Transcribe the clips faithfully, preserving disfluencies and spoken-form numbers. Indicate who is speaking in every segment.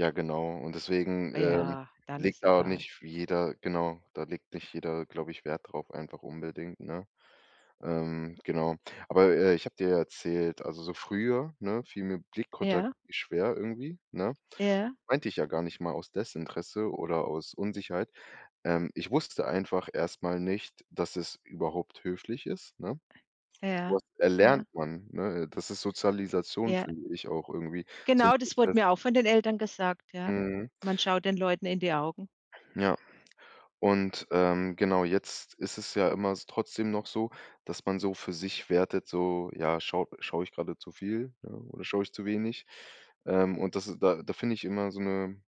Speaker 1: Ja, genau. Und deswegen,
Speaker 2: Ah
Speaker 1: ähm,
Speaker 2: ja, dann ist
Speaker 1: legt da
Speaker 2: egal.
Speaker 1: nicht jeder genau, da legt nicht jeder, glaube ich, Wert drauf einfach unbedingt, ne? Ähm, genau. Aber, äh, ich habe dir ja erzählt, also, so früher, ne, fiel mir Blickkontakt
Speaker 2: Ja.
Speaker 1: schwer irgendwie, ne?
Speaker 2: Ja.
Speaker 1: Meinte ich ja gar nicht mal aus Desinteresse oder aus Unsicherheit. Ähm, ich wusste einfach erst mal nicht, dass es überhaupt höflich ist, ne? So
Speaker 2: Ja,
Speaker 1: was
Speaker 2: ja.
Speaker 1: erlernt man, ne? Das ist Sozialisation,
Speaker 2: Ja.
Speaker 1: finde ich auch irgendwie, so 'n
Speaker 2: Genau das wurde
Speaker 1: Prozess.
Speaker 2: mir auch von den Eltern gesagt, ja.
Speaker 1: Mhm.
Speaker 2: Man schaut den Leuten in die Augen.
Speaker 1: Ja. Und, ähm, genau, jetzt ist es ja immer s trotzdem noch so, dass man so für sich wertet, so, ja, schau schaue ich gerade zu viel, ne, oder schaue ich zu wenig? Ähm, und das is da da finde ich immer so 'ne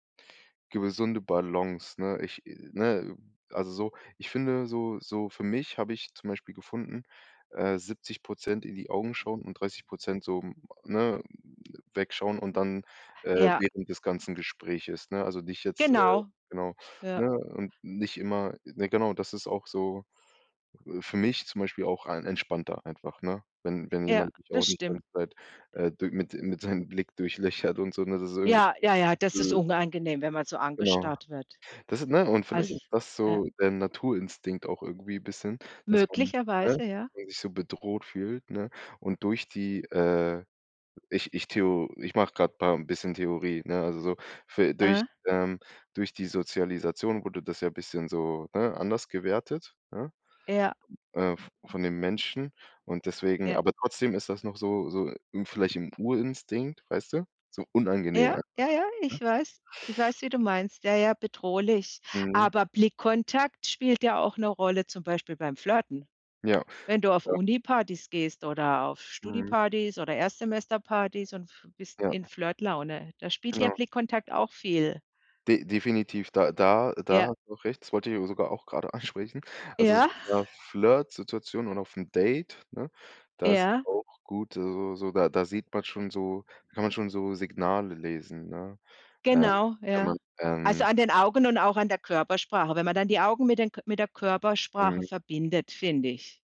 Speaker 1: gewesunde Balance, ne? Ich, ne, also, so ich finde so so für mich habe ich, zum Beispiel, gefunden, äh, siebzig Prozent in die Augen schauen und dreißig Prozent so, ne, wegschauen und dann, äh,
Speaker 2: Ja.
Speaker 1: während des ganzen Gespräches, ne? Also, nicht jetzt äh,
Speaker 2: Genau.
Speaker 1: genau, ne?
Speaker 2: Ja.
Speaker 1: Und nicht immer ne, genau, das ist auch so für mich zum Beispiel auch ein entspannter einfach, ne? Wenn wenn
Speaker 2: Ja.
Speaker 1: jemand mich auch
Speaker 2: Das
Speaker 1: nicht
Speaker 2: stimmt.
Speaker 1: ganz weit, äh, d mit mit seinem Blick durchlöchert und so, ne? Das ist irgend
Speaker 2: Ja, ja, ja, das ist
Speaker 1: öh
Speaker 2: unangenehm, wenn man so
Speaker 1: Genau.
Speaker 2: angestarrt wird.
Speaker 1: Das ist ne? Und vielleicht ist
Speaker 2: As
Speaker 1: das
Speaker 2: äh
Speaker 1: so der Naturinstinkt auch irgendwie bisschen, dass man ne, dass
Speaker 2: Möglicherweise, ja.
Speaker 1: man sich so bedroht fühlt, ne? Und durch die, äh ich ich theo ich mache grade paar 'n bisschen Theorie, ne? Also, so, fü durch
Speaker 2: Mhm.
Speaker 1: ähm, durch die Sozialisation wurde das ja bisschen so, ne, anders gewertet, ja?
Speaker 2: Ja
Speaker 1: Äh, v von den Menschen und deswegen
Speaker 2: Ja.
Speaker 1: aber trotzdem ist das noch so so, hm, vielleicht 'n Urinstinkt, weißt du? So unangenehm
Speaker 2: Ja,
Speaker 1: einfach,
Speaker 2: ja, ja,
Speaker 1: ne?
Speaker 2: ich weiß. Ich weiß, wie du meinst. Ja, ja, bedrohlich.
Speaker 1: Mhm.
Speaker 2: Aber Blickkontakt spielt ja auch 'ne Rolle zum Beispiel beim Flirten.
Speaker 1: Ja.
Speaker 2: Wenn du auf
Speaker 1: Ja.
Speaker 2: Unipartys gehst oder auf
Speaker 1: Mhm.
Speaker 2: Studipartys oder Erstsemesterpartys und bist in
Speaker 1: Ja.
Speaker 2: Flirtlaune. Da spielt der
Speaker 1: Genau.
Speaker 2: Blickkontakt auch viel
Speaker 1: De definitiv. Da da da
Speaker 2: Ja.
Speaker 1: hast du auch recht, das wollte ich sogar auch gerade ansprechen. Also, so
Speaker 2: Ja.
Speaker 1: in 'ner Flirtsituation und auf 'n Date, ne, da ist
Speaker 2: Ja.
Speaker 1: auch gut, also, so, da da sieht man schon so kann man schon so Signale lesen, ne? Äh,
Speaker 2: Genau,
Speaker 1: wenn
Speaker 2: ja.
Speaker 1: man,
Speaker 2: Also,
Speaker 1: ähm
Speaker 2: an den Augen und auch an der Körpersprache, wenn man dann die Augen mit den K mit der Körpersprache
Speaker 1: [unintelligible]
Speaker 2: verbindet, finde ich.